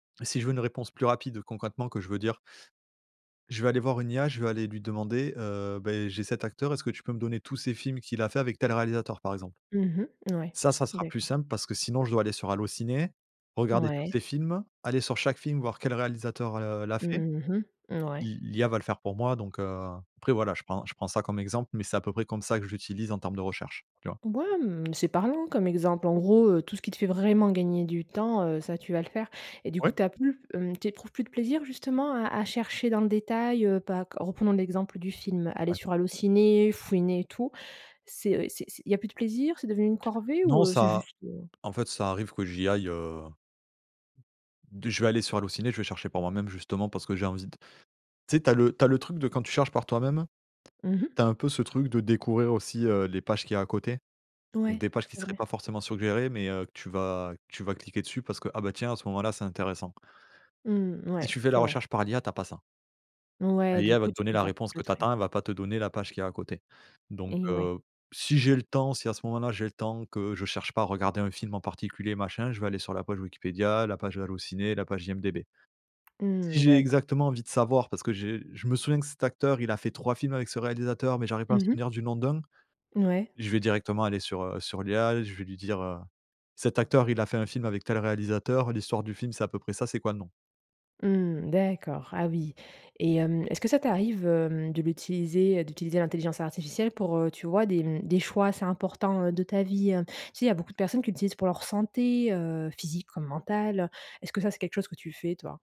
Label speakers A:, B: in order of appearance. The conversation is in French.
A: Et si je veux une réponse plus rapide, concrètement, que je veux dire je vais aller voir une IA. Je vais aller lui demander, heu, beh, j'ai cet acteur, est-ce que tu peux me donner tous ses films qu'il a fait avec tel réalisateur, par exemple.
B: Mmh mh. Mouais.
A: Ça, ça sera plus
B: D'accord.
A: simple parce que sinon je dois aller sur Allo Ciné, regarder tous
B: Mouais.
A: ses films, aller sur chaque film voir quel réalisateur l heu, l'a fait.
B: Mmh mh, mouais.
A: L'i l'IA va le faire pour moi donc, heu, après, voilà, je prends je prends ça comme exemple mais c'est à peu près comme ça que je l'utilise en termes de recherche, tu vois?
B: B ouais mmh, c'est parlant comme exemple. En gros, heu, tout ce qui te fait vraiment gagner du temps, heu, ça, tu vas le faire et du coup,
A: Ouais.
B: tu as plus mmh, tu éprouves plus de plaisir justement à à chercher dans le détail, heu? Pas q reprenons l'exemple du film, aller
A: Ouais.
B: sur Allo ciné, fouiner et tout. C'est heu, c'est c'est il y a plus de plaisir, c'est devenu une corvée
A: Non,
B: ou, heu, c'est
A: ça
B: juste, heu?
A: en fait, ça arrive que j'y aille, heu de je vais aller sur Allo Ciné, je vais chercher par moi-même justement parce que j'ai envie d tu sais, tu as le tu as le truc de quand tu cherches par toi-même,
B: Mmh mh.
A: tu as un peu ce truc de découvrir aussi, heu, les pages qu'il y a à côté.
B: Ouais.
A: Des pages qui
B: C'est
A: seraient
B: vrai.
A: pas forcément suggérées mais, heu, que tu vas que tu vas cliquer dessus parce que ah, bah, tiens à ce moment-là c'est intéressant
B: Mmh.
A: si
B: Mouais.
A: tu fais la
B: C'est vrai.
A: recherche par l'IA tu as pas ça
B: Ouais, du
A: l'IA va
B: coup,
A: te
B: tu
A: donner
B: peux
A: la
B: faire plus
A: réponse
B: le
A: que tu
B: tri.
A: attends. Elle va pas te donner la page qu'il y a à côté. Donc,
B: Et ouais.
A: heu, p si j'ai le temps, si à ce moment-là j'ai le temps, que je cherche pas à regarder un film en particulier machin, je vais aller sur la page Wikipédia, la page Allo ciné, la page IMDb. Si
B: Mmh.
A: j'ai
B: D'accord.
A: exactement envie de savoir parce que j'ai je me souviens que cet acteur il a fait 3 films avec ce réalisateur mais j'arrive pas à
B: Mmh
A: me souvenir
B: mh.
A: du nom d'1.
B: N ouais.
A: Je vais directement aller sur, heu, sur l'IA, je vais lui dire: «Cet acteur il a fait un film avec tel réalisateur, l'histoire du film c'est à peu près ça, c'est quoi le nom?»
B: Mmh. D'accord, ah oui et hem, est-ce que ça t'arrive, hem, de l'utiliser d'utiliser l'intelligence artificielle pour, heu, tu vois, des mmh, des choix assez importants, heu, de ta vie? Tu sais, il y a beaucoup de personnes qui l'utilisent pour leur santé, heu, physique comme mentale. Est ce que ça, c'est quelque chose que tu fais, toi?